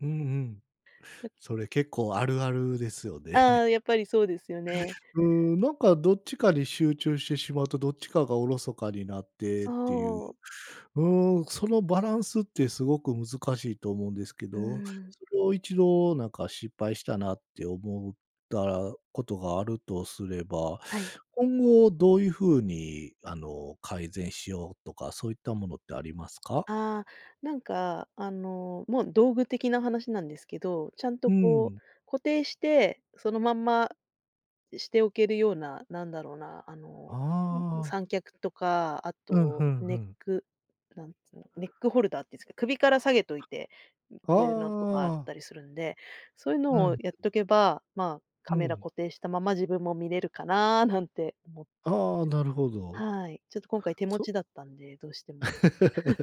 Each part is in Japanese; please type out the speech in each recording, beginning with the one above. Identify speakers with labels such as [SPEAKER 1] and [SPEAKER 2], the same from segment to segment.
[SPEAKER 1] うんうん。
[SPEAKER 2] だ
[SPEAKER 1] それ結構あるあるですよね。
[SPEAKER 2] あ あ、やっぱりそうですよね。
[SPEAKER 1] うーん、なんか、どっちかに集中してしまうと、どっちかがおろそかになってっていう。
[SPEAKER 2] そう。
[SPEAKER 1] うーん、そのバランスってすごく難しいと思うんですけ
[SPEAKER 2] うー
[SPEAKER 1] ど、
[SPEAKER 2] ん。
[SPEAKER 1] それを一度なんか、失敗したなって思うったらことがあるとすれば、
[SPEAKER 2] はい。
[SPEAKER 1] 今後どういう風に、あの、改善しようとか、そういったものってありますか？
[SPEAKER 2] ああ、なんか、あの、もう道具的な話なんですけど、ちゃん
[SPEAKER 1] う
[SPEAKER 2] と、
[SPEAKER 1] ー
[SPEAKER 2] こう、
[SPEAKER 1] ん。
[SPEAKER 2] 固定して、そのまんましておけるような、なんだろうな、あの、うん、う
[SPEAKER 1] ああ。
[SPEAKER 2] 三脚とか、あ
[SPEAKER 1] うん、ふ
[SPEAKER 2] と
[SPEAKER 1] んふ
[SPEAKER 2] ネッ
[SPEAKER 1] ん。
[SPEAKER 2] ク、なんつの、ネックホルダーっていうんすか、首から下げといて、う
[SPEAKER 1] あ
[SPEAKER 2] ふえのとかあっ
[SPEAKER 1] あ。
[SPEAKER 2] たりするんで、そういうの
[SPEAKER 1] う
[SPEAKER 2] を
[SPEAKER 1] ん。
[SPEAKER 2] やっとけば、まあ、
[SPEAKER 1] うー
[SPEAKER 2] カメラ
[SPEAKER 1] ん。
[SPEAKER 2] 固定したまま自分も見れるかな、なんて思って。
[SPEAKER 1] ああ、なるほど。
[SPEAKER 2] はい、ちょっと、今回手持
[SPEAKER 1] そ
[SPEAKER 2] ちだったんで、どうしても。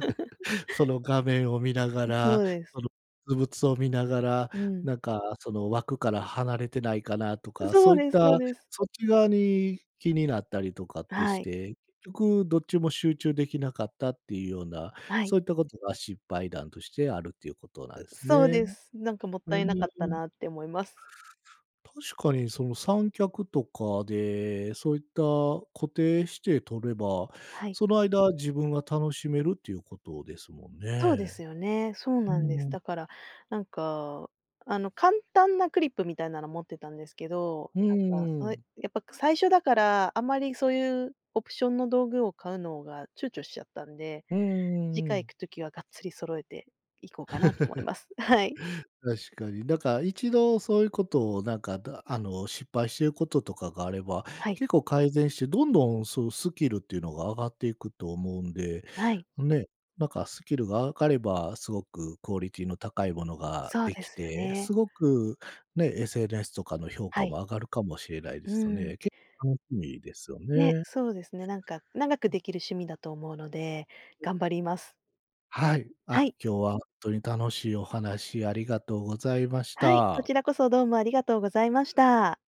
[SPEAKER 1] その画面を見なが
[SPEAKER 2] う、そ
[SPEAKER 1] ら、
[SPEAKER 2] うです。
[SPEAKER 1] そのづぶつを見ながら、
[SPEAKER 2] うーん。
[SPEAKER 1] なんか、その枠から離れてないかなと
[SPEAKER 2] う
[SPEAKER 1] か、
[SPEAKER 2] そ
[SPEAKER 1] そ
[SPEAKER 2] う
[SPEAKER 1] ういっ
[SPEAKER 2] ですそう
[SPEAKER 1] た、
[SPEAKER 2] です。
[SPEAKER 1] そっち側に気になったりとかっ
[SPEAKER 2] あ、
[SPEAKER 1] て
[SPEAKER 2] は
[SPEAKER 1] し
[SPEAKER 2] い。
[SPEAKER 1] て、結局どっちも集中できなかったっていうような、
[SPEAKER 2] はい。
[SPEAKER 1] そういったことが失敗談としてあるっていうことなん
[SPEAKER 2] う、
[SPEAKER 1] す
[SPEAKER 2] そう
[SPEAKER 1] ね。
[SPEAKER 2] です、なんか、もっ
[SPEAKER 1] うん、
[SPEAKER 2] たいな
[SPEAKER 1] う
[SPEAKER 2] かった
[SPEAKER 1] ん。
[SPEAKER 2] なって思います。
[SPEAKER 1] 確かに、その、三脚とかで、そういった固定して撮れば、
[SPEAKER 2] はい。
[SPEAKER 1] その間自分が楽しめるっていうことですもん
[SPEAKER 2] そう
[SPEAKER 1] ね。
[SPEAKER 2] ですよね。そう
[SPEAKER 1] う
[SPEAKER 2] なんです。
[SPEAKER 1] ーん。
[SPEAKER 2] だから、なんか、あの、簡単なクリップみたいなの持ってたんですけど、
[SPEAKER 1] うんう
[SPEAKER 2] ん、なんか、
[SPEAKER 1] ん
[SPEAKER 2] そ
[SPEAKER 1] う
[SPEAKER 2] れ、
[SPEAKER 1] ん。
[SPEAKER 2] やっぱ、く最初だから、あんまりそういうオプションの道具を買うのが躊躇しちゃったんで、
[SPEAKER 1] うんうんう
[SPEAKER 2] 次
[SPEAKER 1] んう
[SPEAKER 2] 回行
[SPEAKER 1] ん。
[SPEAKER 2] く時はがっつり揃えて行こうかなと思い ます。あ、はい。
[SPEAKER 1] 確かに。だから、一度そういうことを、なんか、だあの、失敗してることとかがあれば、
[SPEAKER 2] はい。
[SPEAKER 1] 結構改善して、どんどんそのスキルっていうのが上がっていくと思うんで、
[SPEAKER 2] はい。
[SPEAKER 1] ね、なんか、スキルが上がれば、すごくクオリティの高いものが
[SPEAKER 2] そう
[SPEAKER 1] で
[SPEAKER 2] で
[SPEAKER 1] き
[SPEAKER 2] すよ
[SPEAKER 1] て、
[SPEAKER 2] ね。
[SPEAKER 1] すごくね、SNS とかの評価
[SPEAKER 2] はい。
[SPEAKER 1] も上がるかもしれないで
[SPEAKER 2] う
[SPEAKER 1] すよ
[SPEAKER 2] ーん。
[SPEAKER 1] ね。けっ楽しみですよ
[SPEAKER 2] ね、
[SPEAKER 1] ね。
[SPEAKER 2] そうですね。なんか、長く
[SPEAKER 1] うん。
[SPEAKER 2] できる趣味だと思うので、
[SPEAKER 1] う
[SPEAKER 2] 頑張ります。
[SPEAKER 1] はい。
[SPEAKER 2] は
[SPEAKER 1] あ、
[SPEAKER 2] い。
[SPEAKER 1] 今日はとに楽しいお話ありがとうございまし
[SPEAKER 2] はい、こ
[SPEAKER 1] た。
[SPEAKER 2] ちらこそどうもありがとうございました。